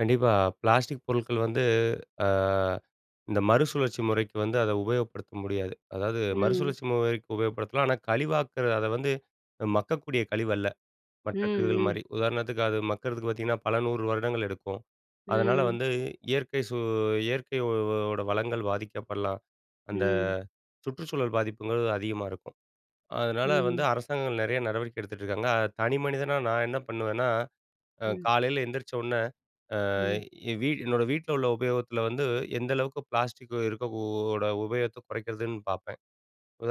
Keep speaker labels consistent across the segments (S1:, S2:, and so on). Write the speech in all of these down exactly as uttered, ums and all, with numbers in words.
S1: கண்டிப்பா! பிளாஸ்டிக் பொருள்கள் வந்து, அ இந்த மறுசுழற்சி முறைக்கு வந்து அத உபயோகப்படுத்த முடியாது. அதாவது,
S2: ம்.
S1: மறுசுழற்சி முறைக்கு உபயோகப்படுத்தலாம். ஆனா, கழிவாக்குற, அதை வந்து மக்கக்கூடிய கழிவு அல்ல. மற்ற
S2: ம்,
S1: கழிவுகள்
S2: ம்.
S1: மாரி உதாரணத்துக்கு அது மக்குறதுக்கு பாத்தீங்கன்னா, பல நூறு வருடங்கள் எடுக்கும். அதனால
S2: ம்.
S1: வந்து இயற்கை சூ இயற்கையோட வளங்கள் பாதிக்கப்படலாம். அந்த
S2: ம்.
S1: சுற்றுச்சூழல் பாதிப்புங்குறது அதிகமா இருக்கும். அதனால வந்து
S2: ம்.
S1: அரசாங்கங்கள் நெறைய நடவடிக்கை எடுத்துட்டுருக்காங்க. அத தனி மனிதனா நான் என்ன பண்ணுவேன்னா, அ
S2: ம்.
S1: காலையில எந்திரிச்சொன்னே, அ
S2: ம்.
S1: என் வீ என்னோட வீட்ல உள்ள உபயோகத்தில வந்து, எந்த அளவுக்கு பிளாஸ்டிக் இருக்கோ ஓட உபயோகத்த குறைக்கிறதுன்னு பாப்பேன்.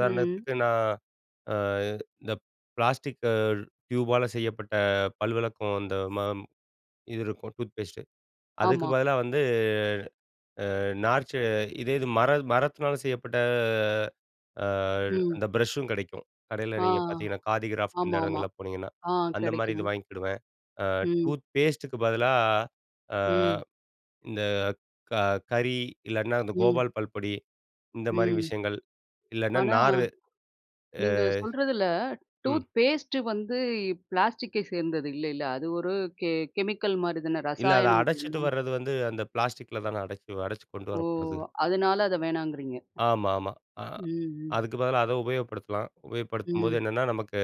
S2: ம்.
S1: நான், அ இந்த பிளாஸ்டிக்க டியூபால செய்யப்பட்ட பல்விளக்கம், அந்த ம இது இருக்கும். டூத் பேஸ்ட்டு அதுக்கு
S2: ஆமா.
S1: பதிலா வந்து, அ நார்ச்சு இதேது மர மரத்தினால செய்யப்பட்ட, அ
S2: ம்.
S1: அந்த ப்ரஷ்சும் கெடைக்கும். கடையில
S2: ஆ.
S1: நீங்க பாத்தீங்கன்னா, காதி கிராஃப்ட் இந்த
S2: ஆமாமா.
S1: இடங்கள்ல போனீங்கன்னா.
S2: ஆ,
S1: அந்த மாரி
S2: கெடைக்கும்.
S1: இது வாங்கிக்கிடுவேன். அ
S2: ம்.
S1: டூத்பேஸ்ட்டுக்கு பதிலா, ஆ,
S2: ம்.
S1: இந்த க கரி, இல்லைனா இந்த
S2: ம்.
S1: கோபால் பல்பொடி, இந்த மாரி
S2: ம்.
S1: விஷயங்கள். இல்லைன்னா
S2: ஆனா,
S1: நாரு ஆ
S2: நீங்க சொல்றதில,
S1: ம்.
S2: டூத் பேஸ்ட் வந்து பிளாஸ்டிக்கை சேர்ந்தது இல்லைல்ல! அது ஒரு கெ கெமிக்கல் மாரி தானே
S1: இல்லை. அதை
S2: ரசாயனம்.
S1: அடைச்சிட்டு
S2: [unintelligible]
S1: வர்றது வந்து, அந்த பிளாஸ்டிக்ல தானே அடைச்சு அடச்சு கொண்டு
S2: ஓ!
S1: வரப்படுது?
S2: அதுனால அத வேணாங்குறீங்க.
S1: ஆமா, ஆமா. அ
S2: ம், ம்.
S1: அதுக்கு பதிலா அதை உபயோகப்படுத்தலாம். உபயோகப்படுத்தும்போது
S2: ம்.
S1: என்னன்னா நமக்கு,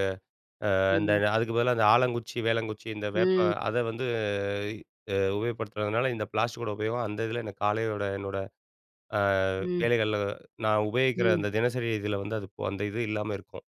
S1: அ அந்த
S2: ம்.
S1: அதுக்கு பதிலா இந்த ஆலங்குச்சி, வேலங்குச்சி இந்த
S2: ம்.
S1: வேப்பம் அதை வந்து, அ உபயோகப்படுத்துறதுனால, இந்த பிளாஸ்டிக்கோட உபயோகம் அந்த இதில எனக்கு காலையோட, என்னோட, அ
S2: ம்.
S1: வேலைகள்ல, நான் உபயோகிக்கிற
S2: ம்.
S1: அந்த தினசரி இதில வந்து அது அந்த இது இல்லாம இருக்கும்.